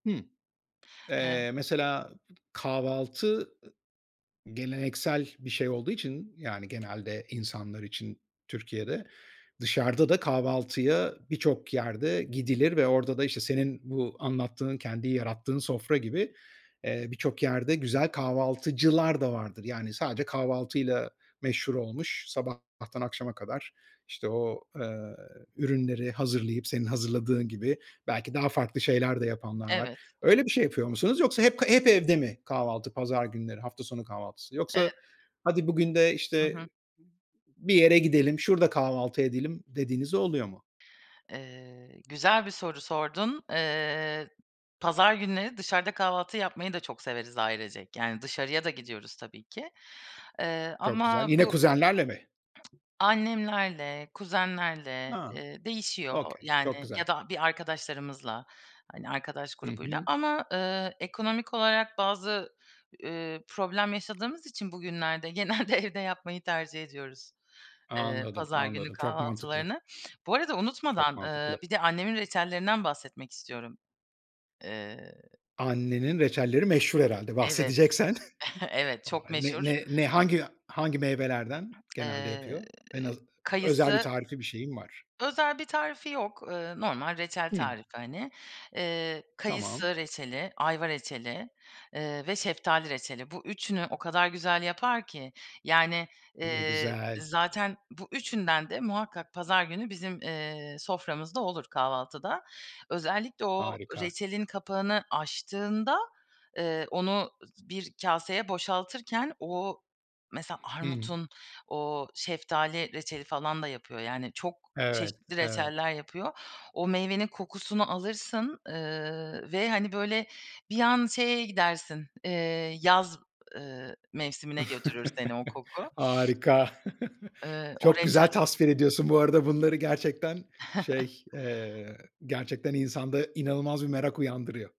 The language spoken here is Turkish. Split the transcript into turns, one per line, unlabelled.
Hımm.
Eee
Eee, mesela kahvaltı geleneksel bir şey olduğu için yani genelde insanlar için Türkiye'de. Dışarıda da kahvaltıya birçok yerde gidilir ve orada da, işte, senin bu anlattığın, kendi yarattığın sofra gibi, eee, birçok yerde güzel kahvaltıcılar da vardır. Yani sadece kahvaltıyla meşhur olmuş, sabahtan akşama kadar, işte, o, ııı, ürünleri hazırlayıp senin hazırladığın gibi, belki daha farklı şeyler de yapanlar var.
Evet.
Öyle bir şey yapıyor musunuz? Yoksa hep hep evde mi kahvaltı pazar günleri, hafta sonu kahvaltısı? Yoksa,
Evet.
"Hadi, bugün de,
Hı
işte,
hı.
bir yere gidelim, şurada kahvaltı edelim." dediğiniz de oluyor mu?
Eee, güzel bir soru sordun. Eee, pazar günleri dışarıda kahvaltı yapmayı da çok severiz ailecek. Yani dışarıya da gidiyoruz tabii ki. Eee,
Çok güzel.
ama
Yine
bu
kuzenlerle mi?
Annemlerle, kuzenlerle,
Ha!
eee, değişiyor,
okey.
yani,
Çok
ya
güzel.
da bir arkadaşlarımızla, hani, arkadaş
Hı
grubuyla.
hı.
Ama, ııı, ekonomik olarak bazı, ııı, problem yaşadığımız için bugünlerde genelde evde yapmayı tercih ediyoruz, eee,
Anladım,
pazar günü
anladım. Çok mantıklı.
kahvaltılarını. Bu arada
Çok
unutmadan, eee,
mantıklı.
bir de annemin reçellerinden bahsetmek istiyorum. Eee
Annenin reçelleri meşhur herhâlde
Evet.
bahsedeceksen.
Evet,
A,
çok
ne
meşhur.
ne ne hangi hangi meyvelerden genelde
Eee,
yapıyor? En az özel bir
kayısı
tarifi, bir şeyi mi var?
Özel bir tarifi yok. Eee, normal reçel
Hımm.
tarifi hani. Eee,
Tamam.
kayısı reçeli, ayva reçeli, eee, ve şeftali reçeli. Bu üçünü o kadar güzel yapar ki yani,
Ne
eee,
güzel.
zaten bu üçünden de muhakkak pazar günü bizim, eee, soframızda olur kahvaltıda. Özellikle o
Harika.
reçelin kapağını açtığında, eee, onu bir kâseye boşaltırken, o mesela
Hıı.
armudun o şeftali reçeli falan da yapıyor yani çok
Evet,
çeşitli
evet.
reçeller yapıyor. O meyvenin kokusunu alırsın, ııı, ve, hani, böyle, bir an şeye gidersin, eee, yaz, ııı, mevsimine götürür seni o koku.
Harika.
Iıı, o
Çok güzel
reçel
tasvir ediyorsun bu arada bunları gerçekten şey, eee, gerçekten insanda inanılmaz bir merak uyandırıyor.